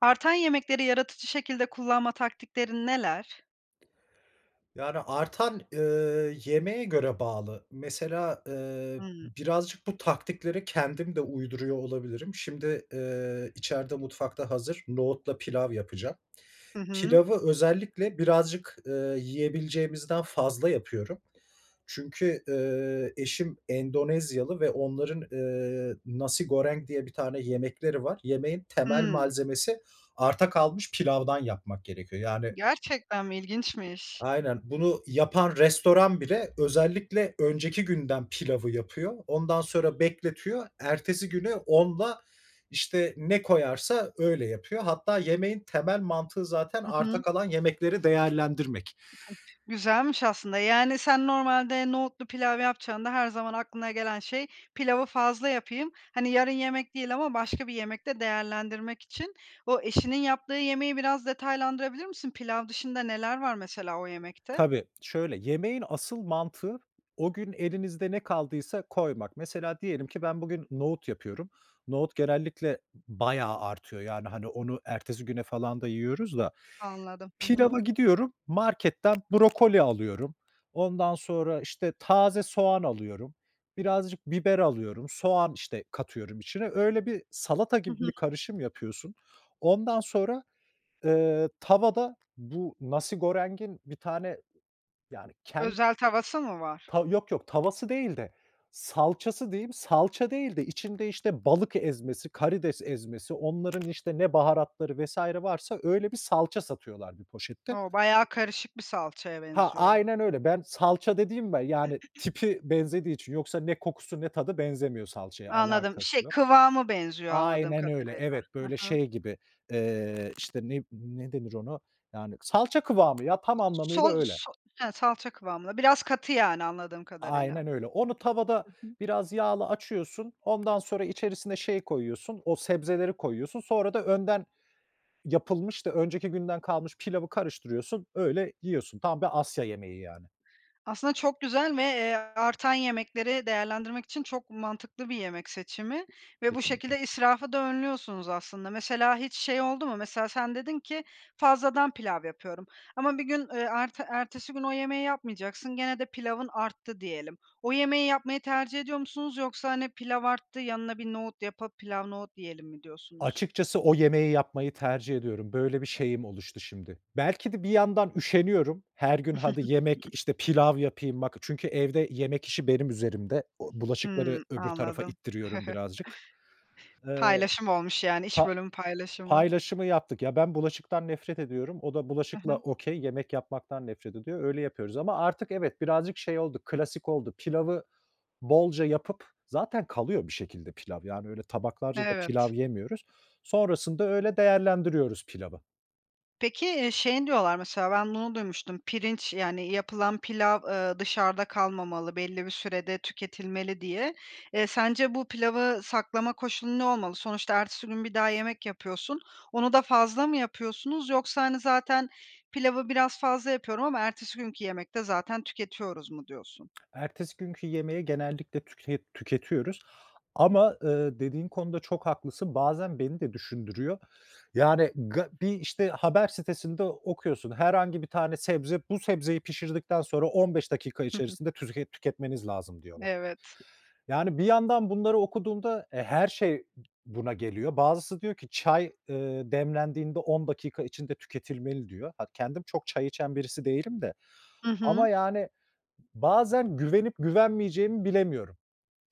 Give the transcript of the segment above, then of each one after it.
Artan yemekleri yaratıcı şekilde kullanma taktiklerin neler? Yani, artan eee, yemeğe göre bağlı. Mesela eee, Hımm. birazcık bu taktikleri kendim de uyduruyor olabilirim. Şimdi eee, içeride mutfakta hazır, nohutla pilav yapacağım. Hı hı. Pilavı özellikle birazcık eee, yiyebileceğimizden fazla yapıyorum çünkü eee, eşim Endonezyalı ve onların eee, nasi goreng diye bir tane yemekleri var. Yemeğin temel Hımm. malzemesi arta kalmış pilavdan yapmak gerekiyor yani Gerçekten mi? İlginçmiş. Aynen, bunu yapan restoran bile özellikle önceki günden pilavı yapıyor. Ondan sonra bekletiyor. Ertesi günü onla, işte, ne koyarsa öyle yapıyor. Hatta yemeğin temel mantığı zaten Hı arta hı. kalan yemekleri değerlendirmek. Güzelmiş aslında, yani, sen normalde nohutlu pilav yapacağında her zaman aklına gelen şey, pilavı fazla yapayım. Hani, "yarın yemek" değil ama başka "bir yemekte değerlendirmek" için... O, eşinin yaptığı yemeği biraz detaylandırabilir misin? Pilav dışında neler var mesela o yemekte? Tabii. Şöyle yemeğin asıl mantığı o gün elinizde ne kaldıysa koymak. Mesela diyelim ki ben bugün nohut yapıyorum. Nohut genellikle bayağı artıyor yani, hani, onu ertesi güne falan da yiyoruz da. Anladım. Hı hı. Pilavı gidiyorum marketten brokoli alıyorum. Ondan sonra, işte, taze soğan alıyorum. Birazcık biber alıyorum. Soğan, işte, katıyorum içine. Öyle bir salata Hı gibi hı. bir karışım yapıyorsun. Ondan sonra eee, tavada bu nasi goreng'in bir tane yani ken Özel tavası mı var? Tav yok, yok tavası değil de salçası diyeyim, salça değil de içinde işte balık ezmesi, karides ezmesi, onların işte ne baharatları vs. varsa öyle bir salça satıyorlar bir poşette. O! Bayağı karışık bir salçaya Ha, benziyor. aynen öyle. Ben salça dediğim be yani tipi benzediği için yoksa ne kokusu ne tadı benzemiyor salçaya, Anladım. Şey alakası yok. kıvamı benziyor anladığım Aynen öyle, kadarıyla. evet Hı böyle hı. şey gibi eee, işte ne ne denir ona, yani salça kıvamı ya, tam anlamıyla öyle. Sos he, salça kıvamında. Biraz katı yani anladığım kadarıyla. Aynen öyle. Onu tavada Hı hı. biraz yağla açıyorsun. Ondan sonra içerisine şey koyuyorsun, o sebzeleri koyuyorsun. Sonra da önden yapılmış da önceki günden kalmış pilavı karıştırıyorsun, öyle yiyorsun. Tam bir Asya yemeği yani. Aslında, çok güzel ve, eee, artan yemekleri değerlendirmek için çok mantıklı bir yemek seçimi ve bu Kesinlikle. şekilde israfı da önlüyorsunuz, aslında. Mesela hiç şey oldu mu? Mesela sen dedin ki fazladan pilav yapıyorum. Ama 1 gün, eee, erte ertesi gün o yemeği yapmayacaksın gene de pilavın arttı diyelim. O yemeği yapmayı tercih ediyor musunuz yoksa, hani, pilav arttı, "Yanına bir nohut yapıp pilav nohut yiyelim." mi diyorsunuz? Açıkçası o yemeği yapmayı tercih ediyorum. Böyle bir şeyim oluştu şimdi. Belki de bir yandan üşeniyorum. Her gün hadi yemek, işte, pilav yapayım bak çünkü evde yemek işi benim üzerimde. U bulaşıkları Hımm. öbür tarafa Anladım. ittiriyorum birazcık. Eee, Paylaşım olmuş yani iş pa bölümü paylaşımı. paylaşımı yaptık. Ya, ben bulaşıktan nefret ediyorum. O da Hı bulaşıkla hı. okey, yemek yapmaktan nefret ediyor. Öyle yapıyoruz ama artık evet birazcık şey oldu klasik oldu. Pilavı bolca yapıp zaten kalıyor bir şekilde pilav. Yani, öyle tabaklarca da Evet. pilav yemiyoruz. Sonrasında öyle değerlendiriyoruz pilavı. Peki, eee, şeyin diyorlar mesela ben bunu duymuştum: Pirinç, yani yapılan pilav, ııı, dışarıda kalmamalı belli bir sürede tüketilmeli diye. Eee, sence bu pilavı saklama koşulu ne olmalı? Sonuçta ertesi gün bir daha yemek yapıyorsun. Onu da fazla mı yapıyorsunuz yoksa hani, "Zaten pilavı biraz fazla yapıyorum ama ertesi günkü yemekte zaten tüketiyoruz." mu diyorsun? Ertesi günkü yemeği genellikle tüke tüketiyoruz ama, ııı, dediğin konuda çok haklısın, bazen beni de düşündürüyor. Yani, ga bir işte haber sitesinde okuyorsun herhangi bir tane sebze, bu sebzeyi pişirdikten sonra 15 dakika Hı hı. içerisinde tuzket tüketmeniz lazım diyorlar. Evet. Yani, bir yandan bunları okuduğumda, e, her şey buna geliyor. Bazısı diyor ki çay, ııı, demlendiğinde 10 dakika içinde tüketilmeli diyor. Ha, kendim çok çay içen birisi değilim de Hı ama hı. yani bazen güvenip güvenmeyeceğimi bilemiyorum.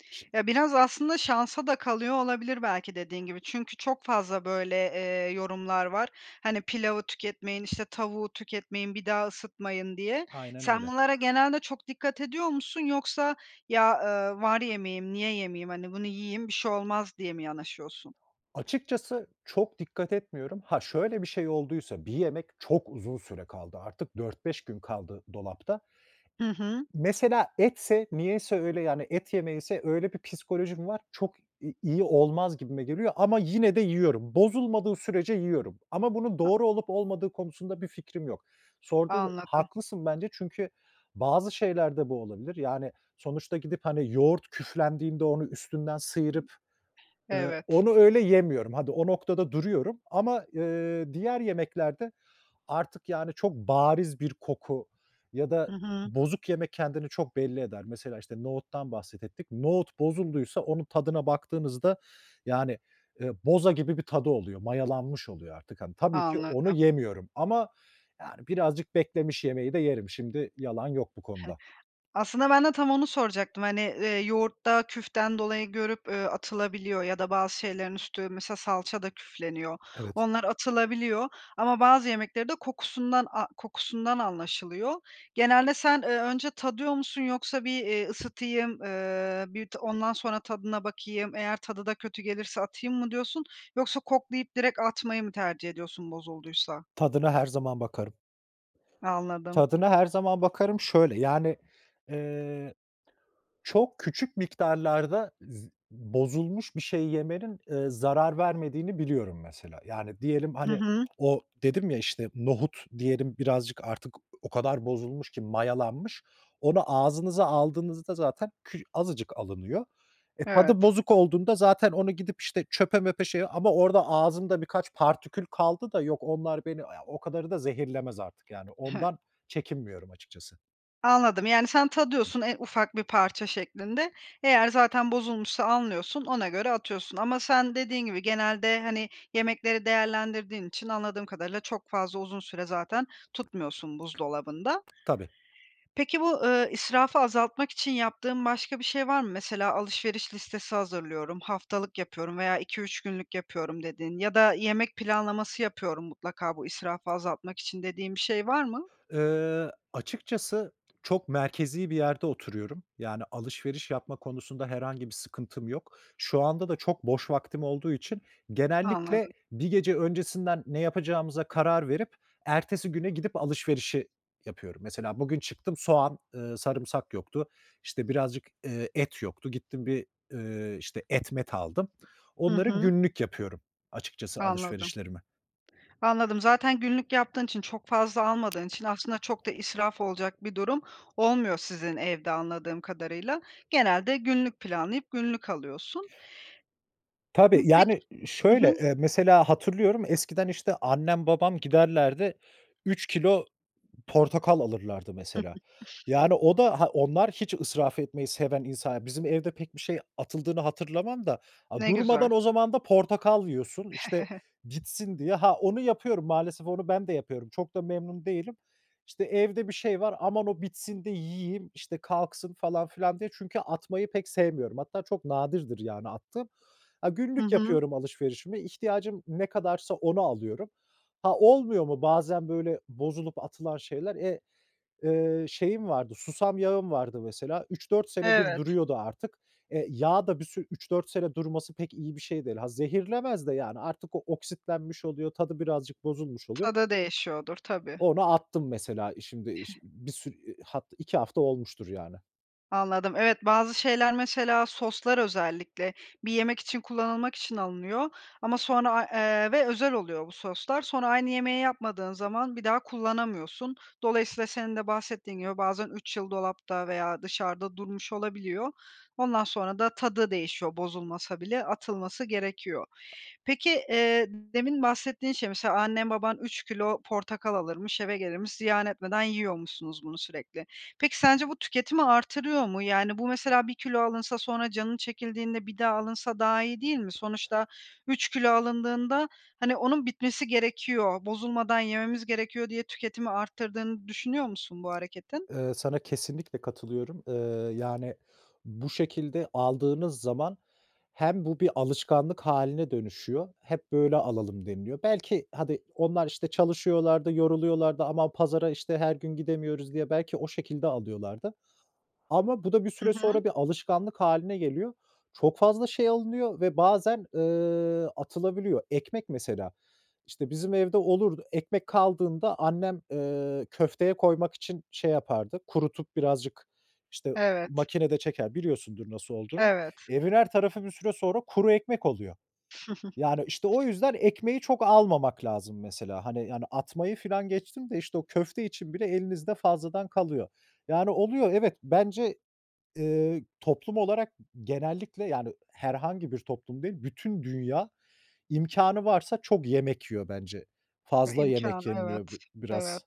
Şi Ya, biraz aslında şansa da kalıyor olabilir belki dediğin gibi. Çünkü çok fazla böyle, eee, yorumlar var. Hani, "Pilavı tüketmeyin, işte tavuğu tüketmeyin, bir daha ısıtmayın." diye. Aynen Sen öyle. bunlara genelde çok dikkat ediyor musun yoksa ya, ııı, "Var yemeğim, niye yemeyeyim? Hani, bunu yiyeyim bir şey olmaz." diye mi yanaşıyorsun? Açıkçası çok dikkat etmiyorum. Ha, şöyle bir şey olduysa, bir yemek çok uzun süre kaldı artık 4-5 gün kaldı dolapta Hı hı. mesela etse, niyeyse öyle, yani et yemeğiyse öyle bir psikolojim var, çok i iyi olmaz gibime geliyor ama yine de yiyorum. Bozulmadığı sürece yiyorum ama bunun [unintelligible] doğru olup olmadığı konusunda bir fikrim yok. Sordun, Anladım. haklısın bence çünkü bazı şeyler de bu olabilir. Yani, sonuçta gidip hani yoğurt küflendiğinde onu üstünden sıyırıp, ııı, Evet. onu öyle yemiyorum. Hadi, o noktada duruyorum ama, ııı, diğer yemeklerde artık yani çok bariz bir koku ya da Hı hı. bozuk yemek kendini çok belli eder. Mesela işte nohuttan bahsettik. Nohut bozulduysa onun tadına baktığınızda yani, eee, boza gibi bir tadı oluyor, mayalanmış oluyor artık. Hani, tabii ki onu Anladım. yemiyorum ama yani birazcık beklemiş yemeği de yerim. Şimdi yalan yok bu konuda. Aslında ben de tam onu soracaktım hani, eee, yoğurtta küften dolayı görüp atılabiliyor ya da bazı şeylerin üstü mesela salça da küfleniyor. Evet. Onlar atılabiliyor ama bazı yemekleri de kokusundan a kokusundan anlaşılıyor. Genelde sen, ııı, önce tadıyor musun yoksa bir, ııı, "Isıtayım, ııı, bir de ondan sonra tadına bakayım, eğer tadı da kötü gelirse atayım." mı diyorsun yoksa koklayıp direkt atmayı mı tercih ediyorsun bozulduysa? Tadına her zaman bakarım. Anladım. "Tadına her zaman bakarım." şöyle: Yani, ııı, çok küçük miktarlarda zı bozulmuş bir şey yemenin, ııı, zarar vermediğini biliyorum mesela. Yani diyelim, Hı hani, hı. o dedim ya işte nohut diyelim birazcık artık o kadar bozulmuş ki mayalanmış. Onu ağzınıza aldığınızda zaten kü azıcık alınıyor. E, tadı Evet. bozuk olduğunda zaten onu gidip işte çöpe möpe şeye ama orada ağzımda birkaç partikül kaldı da yok, onlar beni, ya, o kadarı da zehirlemez artık yani, ondan çekinmiyorum açıkçası. Anladım yani sen tadıyorsun, en ufak bir parça şeklinde. Eğer zaten bozulmuşsa anlıyorsun, ona göre atıyorsun. Ama sen, dediğin gibi, genelde, hani, yemekleri değerlendirdiğin için anladığım kadarıyla çok fazla uzun süre zaten tutmuyorsun buzdolabında. Tabii. Peki bu, ııı, israfı azaltmak için yaptığın başka bir şey var mı? Mesela alışveriş listesi hazırlıyorum, haftalık yapıyorum veya 2-3 günlük yapıyorum dediğin ya da yemek planlaması yapıyorum mutlaka bu israfı azaltmak için dediğin bir şey var mı? Iıı, açıkçası çok merkezi bir yerde oturuyorum. Yani, alışveriş yapma konusunda herhangi bir sıkıntım yok. Şu anda da çok boş vaktim olduğu için genellikle Anladım. bir gece öncesinden ne yapacağımıza karar verip ertesi güne gidip alışverişi yapıyorum. Mesela bugün çıktım soğan, ııı, sarımsak yoktu. İşte, birazcık, ııı, et yoktu. Gittim bir, ııı, işte et met aldım. Hı Onları hı. günlük yapıyorum açıkçası Anladım. alışverişlerimi. Anladım. Zaten günlük yaptığın için, çok fazla almadığın için aslında çok da israf olacak bir durum olmuyor sizin evde anladığım kadarıyla. Genelde günlük planlayıp günlük alıyorsun. Hı, Tabii, pek yani, Hı hı. şöyle, ııı, mesela hatırlıyorum, eskiden işte annem babam giderlerdi 3 kilo portakal alırlardı mesela. Yani, o da ha, onlar hiç israf etmeyi seven insanlar bizim evde pek bir şey atıldığını hatırlamam da, a Ne güzel. durmadan o zaman da portakal yiyorsun işte bitsin diye. Ha, onu yapıyorum, maalesef onu ben de yapıyorum. Çok da memnun değilim. İşte, evde bir şey var, "Aman, o bitsin de yiyeyim, işte, kalksın." falan filan diye çünkü atmayı pek sevmiyorum. Hatta çok nadirdir yani attığım. Ha, Hı günlük hı. yapıyorum alışverişimi, ihtiyacım ne kadarsa onu alıyorum. Ha, olmuyor mu bazen böyle bozulup atılan şeyler? Eee, ııı, şeyim vardı, susam yağım vardı mesela. 3 4 senedir Evet. duruyordu artık. E, yağ da bir sürü 3 -4 sene durması pek iyi bir şey değil. Ha, zehirlemez de yani artık o oksitlenmiş oluyor. Tadı birazcık bozulmuş oluyor. Tadı değişiyordur tabii. Onu attım mesela şimdi şi bir sürü haf 2 hafta olmuştur yani. Anladım. Evet bazı şeyler, mesela soslar özellikle, bir yemek için kullanılmak için alınıyor ama sonra, aaa, eee, ve özel oluyor bu soslar, sonra aynı yemeği yapmadığın zaman bir daha kullanamıyorsun. Dolayısıyla senin de bahsettiğin gibi bazen 3 yıl dolapta veya dışarıda durmuş olabiliyor. Ondan sonra da tadı değişiyor, bozulmasa bile atılması gerekiyor. Peki, eee, demin bahsettiğin şey mesela annen baban 3 kilo portakal alırmış, eve gelirmiş, ziyan etmeden yiyormuşsunuz bunu sürekli. Peki sence bu tüketimi artırıyor mu? Yani bu mesela 1 kilo alınsa sonra canın çekildiğinde bir daha alınsa daha iyi değil mi? Sonuçta 3 kilo alındığında hani onun bitmesi gerekiyor, bozulmadan yememiz gerekiyor diye tüketimi arttırdığını düşünüyor musun bu hareketin? Eee, sana kesinlikle katılıyorum. Eee, yani bu şekilde aldığınız zaman hem bu bir alışkanlık hâline dönüşüyor, "Hep böyle alalım." deniliyor Belki, hadi, onlar, işte, çalışıyorlar da, yoruluyorlar da... Aman, pazara, işte, her gün gidemiyoruz diye belki o şekilde alıyorlardı. Ama bu da bir Hı süre hı. sonra bir alışkanlık hâline geliyor. Çok fazla şey alınıyor ve bazen, eee, atılabiliyor. Ekmek mesela; işte, bizim evde olurdu. Ekmek kaldığında annem, eee, köfteye koymak için şey yapardı, kurutup birazcık, işte, Evet. makinede çeker, biliyorsundur nasıl olduğunu. Evet. Evin her tarafı bir süre sonra kuru ekmek oluyor. Yani, işte, o yüzden ekmeği çok almamak lazım mesela. Hani, yani atmayı filan geçtim de, işte, o köfte için bile elinizde fazladan kalıyor. Yani oluyor, evet, bence, eee, toplum olarak genellikle yani herhangi bir toplum değil, bütün dünya imkânı varsa çok yemek yiyor bence. Ha, Fazla imkân... yemek yeniliyor Evet, bi evet. biraz.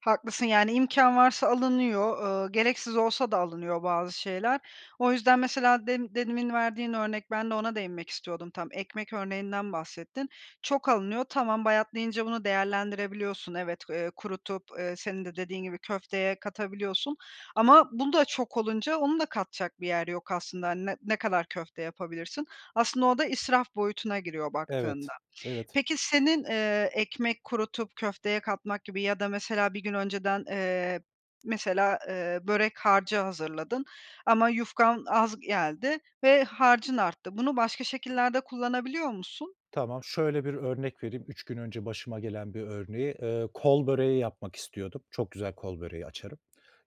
Haklısın. Yani imkân varsa alınıyor, eee, gereksiz olsa da alınıyor bazı şeyler. O yüzden mesela dem demin verdiğin örnek, ben de ona değinmek istiyordum tam, ekmek örneğinden bahsettin. Çok alınıyor, tamam, bayatlayınca bunu değerlendirebiliyorsun, evet, eee, kurutup, eee, senin de dediğin gibi, köfteye katabiliyorsun ama bu da çok olunca onu da katacak bir yer yok aslında. Hani ne ne kadar köfte yapabilirsin? Aslında o da israf boyutuna giriyor Evet. baktığında. Evet. Peki senin, eee, ekmek kurutup köfteye katmak gibi ya da mesela 1 gün önceden, eee, mesela, eee, börek harcı hazırladın ama yufkan az geldi ve harcın arttı. Bunu başka şekillerde kullanabiliyor musun? Tamam. Şöyle bir örnek vereyim 3 gün önce başıma gelen bir örneği. Eee, kol böreği yapmak istiyordum. Çok güzel kol böreği açarım.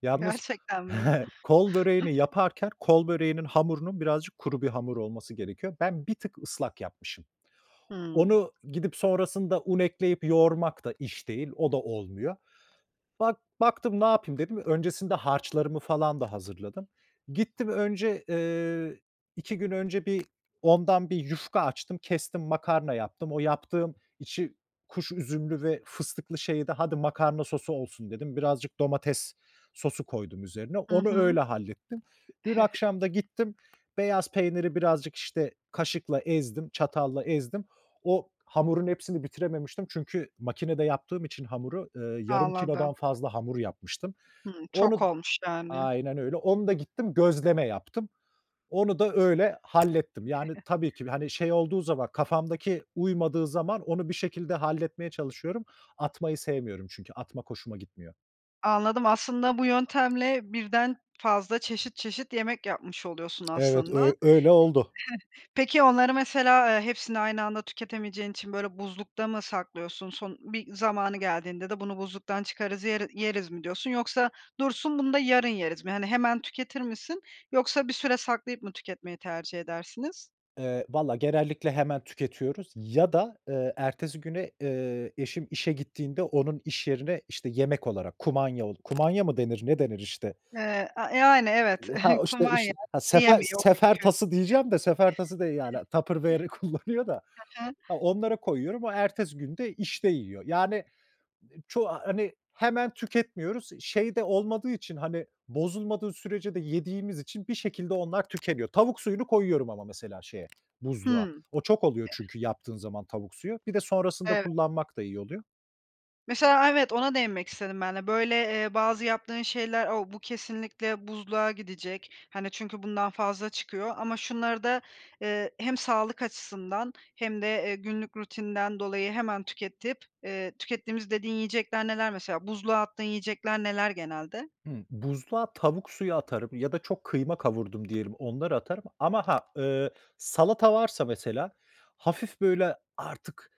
Yalnız, Gerçekten mi? kol böreğini yaparken kol böreğinin hamurunun birazcık kuru bir hamur olması gerekiyor. Ben bir tık ıslak yapmışım. Hı. Onu gidip sonrasında un ekleyip yoğurmak da iş değil, o da olmuyor. Bak baktım ne yapayım, dedim, öncesinde harçlarımı falan da hazırladım. Gittim önce, eee, 2 gün önce bir ondan bir yufka açtım. Kestim, makarna yaptım. O yaptığım içi, kuş üzümlü ve fıstıklı şeyi de "Hadi, makarna sosu olsun." dedim. Birazcık domates sosu koydum üzerine; Hı onu hı. öyle hallettim. Dün akşam da gittim, beyaz peyniri birazcık, işte, kaşıkla ezdim, çatalla ezdim. O hamurun hepsini bitirememiştim çünkü makinede yaptığım için hamuru, eee, yarım kilodan Anladım. fazla hamur yapmıştım. Hı. Çok Onu olmuş yani. aynen öyle, onu da gittim, gözleme yaptım. Onu da öyle hallettim. Yani tabii ki, hani, şey olduğu zaman, kafamdaki uymadığı zaman onu bir şekilde halletmeye çalışıyorum. Atmayı sevmiyorum çünkü atmak hoşuma gitmiyor. Anladım. Aslında bu yöntemle 1'den fazla çeşit çeşit yemek yapmış oluyorsun Evet, aslında. Heh. öy öyle oldu. Peki onları mesela, eee, hepsini aynı anda tüketemeyeceğin için, böyle, buzlukta mı saklıyorsun? Son bir zamanı geldiğinde de "Bunu buzluktan çıkarız yeri yeriz." mi diyorsun yoksa "Dursun, bunu da yarın yeriz." mi? Hani, hemen tüketir misin yoksa bir süre saklayıp mı tüketmeyi tercih edersiniz? Eee, valla genellikle hemen tüketiyoruz ya da, eee, ertesi güne, eee, eşim işe gittiğinde onun iş yerine, işte, yemek olarak, kumanya ol kumanya mı denir, ne denir, işte? Eee. A yani, evet. Ya, ha, o, işte, Kumanya işi [unintelligible] ha, sefer çünkü sefer tası diyeceğim de sefer tası değil, yani, Tupperware'i kullanıyor da. Hı hı. Ha, onlara koyuyorum. O ertesi gün de işte yiyor. Yani e çoğu a hani, hemen tüketmiyoruz. İ şey de olmadığı için, hani, bozulmadığı sürece de yediğimiz için bir şekilde onlar tükeniyor. Tavuk suyunu koyuyorum ama mesela şeye buzluğa. Hımm. O çok oluyor çünkü yaptığın zaman tavuk suyu. Bir de sonrasında Evet. kullanmak da iyi oluyor. Mesela, aaa, evet, ona değinmek istedim ben de. Böyle, eee, bazı yaptığın şeyler, o "Bu, kesinlikle buzluğa gidecek, hani, çünkü bundan fazla çıkıyor. Ama şunları da, eee, hem sağlık açısından hem de, eee, günlük rutinden dolayı hemen tüketip, eee, tükettiğimiz..." dediğin yiyecekler neler mesela? Buzluğa attığın yiyecekler neler genelde? Hımm. Buzluğa tavuk suyu atarım ya da çok kıyma kavurdum diyelim, onları atarım. Ama ha, ııı, salata varsa mesela hafif böyle artık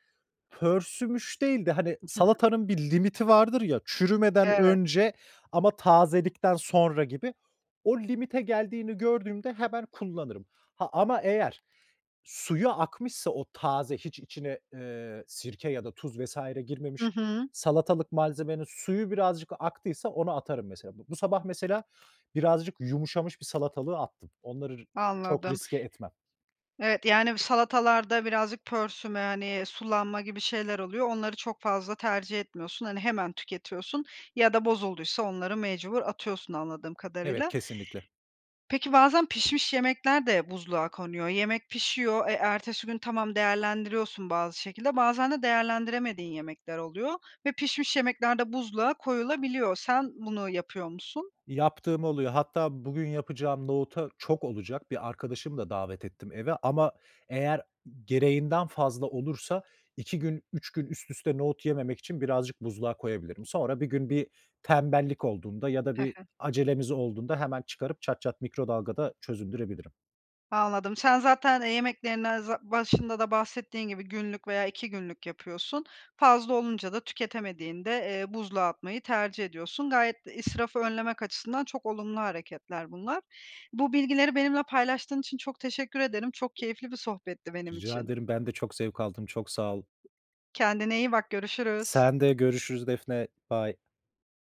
pörsümüş değil de, hani, salatanın bir limiti vardır ya, çürümeden Evet. önce ama tazelikten sonra gibi, o limite geldiğini gördüğümde hemen kullanırım. Ha, ama eğer suyu akmışsa, o taze, hiç içine, eee, sirke ya da tuz vs. Hı girmemiş hı. salatalık malzemenin suyu birazcık aktıysa, onu atarım mesela. Bu bu sabah mesela birazcık yumuşamış bir salatalığı attım. Onları r çok Anladım. riske etmem. Evet. Yani, bu salatalarda birazcık pörsüme, hani, sulanma gibi şeyler oluyor, onları çok fazla tercih etmiyorsun. Hani, hemen tüketiyorsun ya da bozulduysa onları mecbur atıyorsun anladığım Evet, kadarıyla. kesinlikle. Peki bazen pişmiş yemekler de buzluğa konuyor. Yemek pişiyor, e, ertesi gün, tamam, değerlendiriyorsun bazı şekilde. Bazen de değerlendiremediğin yemekler oluyor ve pişmiş yemekler de buzluğa koyulabiliyor. Sen bunu yapıyor musun? Yaptığım oluyor. Hatta bugün yapacağım nohuta Çok olacak. Bir arkadaşımı da davet ettim eve ama eğer gereğinden fazla olursa 2 gün, 3 gün üst üste nohut yememek için birazcık buzluğa koyabilirim. Sonra bir gün bir tembellik olduğunda ya da He bir he. acelemiz olduğunda hemen çıkarıp çat çat mikrodalgada çözündürebilirim. Anladım. Sen zaten, eee, yemeklerinden za başında da bahsettiğin gibi günlük veya 2 günlük yapıyorsun. Fazla olunca da tüketemediğinde, eee, buzluğa atmayı tercih ediyorsun. Gayet de israfı önlemek açısından çok olumlu hareketler bunlar. Bu bilgileri benimle paylaştığın için çok teşekkür ederim. Çok keyifli bir sohbetti benim Rica için. ederim. Ben de çok zevk aldım, çok sağ ol. Kendine iyi bak. Görüşürüz. Sen de. Görüşürüz Defne, bay.